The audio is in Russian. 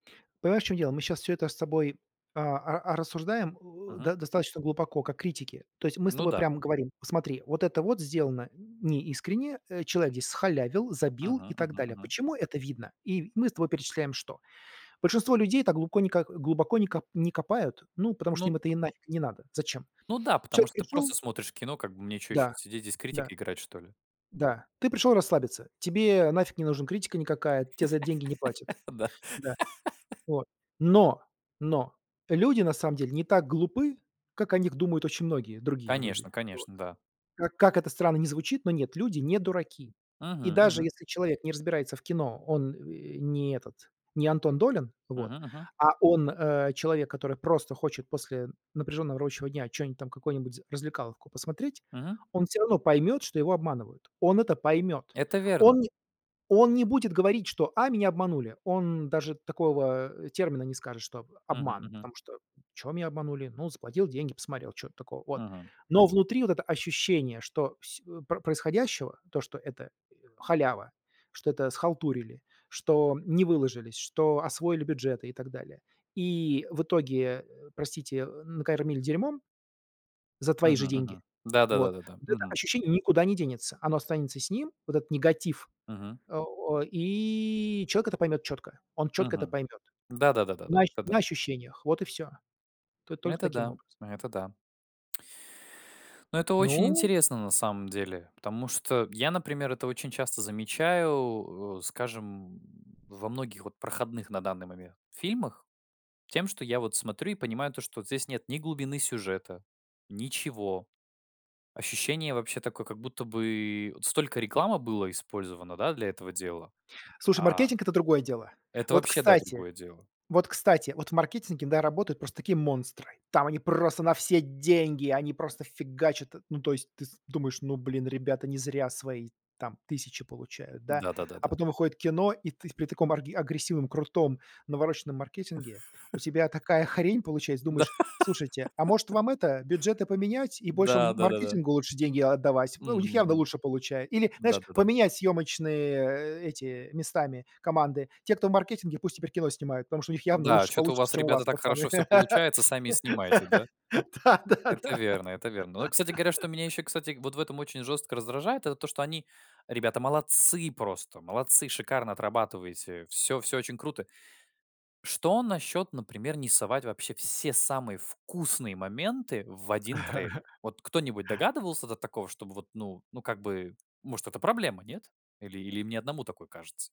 Понимаешь, в чём дело, мы щас всё это с тобой, а, а, рассуждаем, э, Мгм. до достаточно глубоко, как критики. То есть мы с Ну тобой да. прямо говорим: "Смотри, вот это вот сделано неискренне, э, человек здесь схалявил, забил Мгм и так мгм далее". мгм. Почему это видно? И мы с тобой перечисляем что? Большинство людей так глубоко не как глубоко не ко не копают, ну потому что Ну, им д это и нафиг не надо. Зачем? Ну да, потому Человек что ты пришёл просто смотришь кино, как бы мне чё ещё Да сидеть здесь, да. критика играть, что ли? Да. Ты пришёл расслабиться, тебе нафиг не нужна критика никакая, тебе за эт деньги не платят. Да. Да. О, но но, люди на самом деле не так глупы, как о них думают очень многие другие люди. Конечно Вот. конечно, да. Как как это странно ни звучит, но нет, люди не дураки. Мгм И даже мгм. если человек не разбирается в кино, он, э, не этот, не Антон Долин, вот. Мгм мгм. А он, э, человек, который просто хочет после напряжённого рабочего дня что-нибудь там, какую-нибудь развлекаловку посмотреть, Мгм. он всё равно поймёт, что его обманывают. Он это поймёт. Это верно. Он он не будет говорить, что: "А, меня обманули". Он даже такого, э, термина не скажет, что об Мгм обман, мгм. потому что: "Чё меня обманули? Ну, заплатил деньги, посмотрел, чё в этом такого, вот". Мгм. Но внутри вот это ощущение, что происходящего, то, что это халява, что это схалтурили, что не выложились, что освоили бюджеты и так далее. И в итоге, простите, накормили дерьмом за твои Мгм, же деньги. мгм. Да да да Вот да да. вот это Мгм. ощущение никуда не денется. Оно останется с ним, вот этот негатив. Мгм. Э, о и человек это поймёт чётко, он чётко это Мгм. поймёт. Да да да да На да. ощу Это на да. ощущениях, вот и всё. Тут Ну, только это таким да. образом. Ну, это да. Ну, это очень Ну интересно на самом деле. Потому что я, например, это очень часто замечаю, э, скажем, во многих вот проходных на данный момент фильмах. Тем, что я вот смотрю и понимаю то, что вот здесь нет ни глубины сюжета, ничего. Ощущение вообще такое, как будто бы вот столько рекламы было использовано, да, для этого дела. Слушай, А маркетинг- это другое дело. Это Вот, вообще, да, кстати, другое дело. вот, кстати, вот в маркетинге, да, работают просто такие монстры. Там они просто на все деньги, они просто фигачат. Ну, то есть ты с думаешь: "Ну, блин, ребята не зря свои там тысячи получают, да". Да да да А да да. потом выходит кино, и ты с при таком агре агрессивном, крутом, навороченном маркетинге у тебя такая хрень получается, Да. думаешь: "Слушайте, а может вам это, бюджеты поменять и больше Да да да да. маркетингу лучше деньги отдавать?" В М у них явно мгм. лучше получае или, знаешь, Да да да. поменять съёмочные эти местами команды. Те, кто в маркетинге, пусть теперь кино снимают, потому что у них явно Да, лучше что-то у получится, вас, чем у вас, ребята, так пацаны. хорошо всё получается, сами и снимайте, да? Да да Это да. верно, это верно. Но вот, кстати говоря, что меня ещё, кстати, вот в этом очень жёстко раздражает, это то, что они, ребята, молодцы просто, молодцы, шикарно отрабатываете. Всё, всё очень круто. Что насчёт, например, не совать вообще все самые вкусные моменты в 1 трейлер? Вот кто-нибудь догадывался до такого, чтобы вот, ну, ну, как бы, может, это проблема, нет? Или или мне одному такое кажется?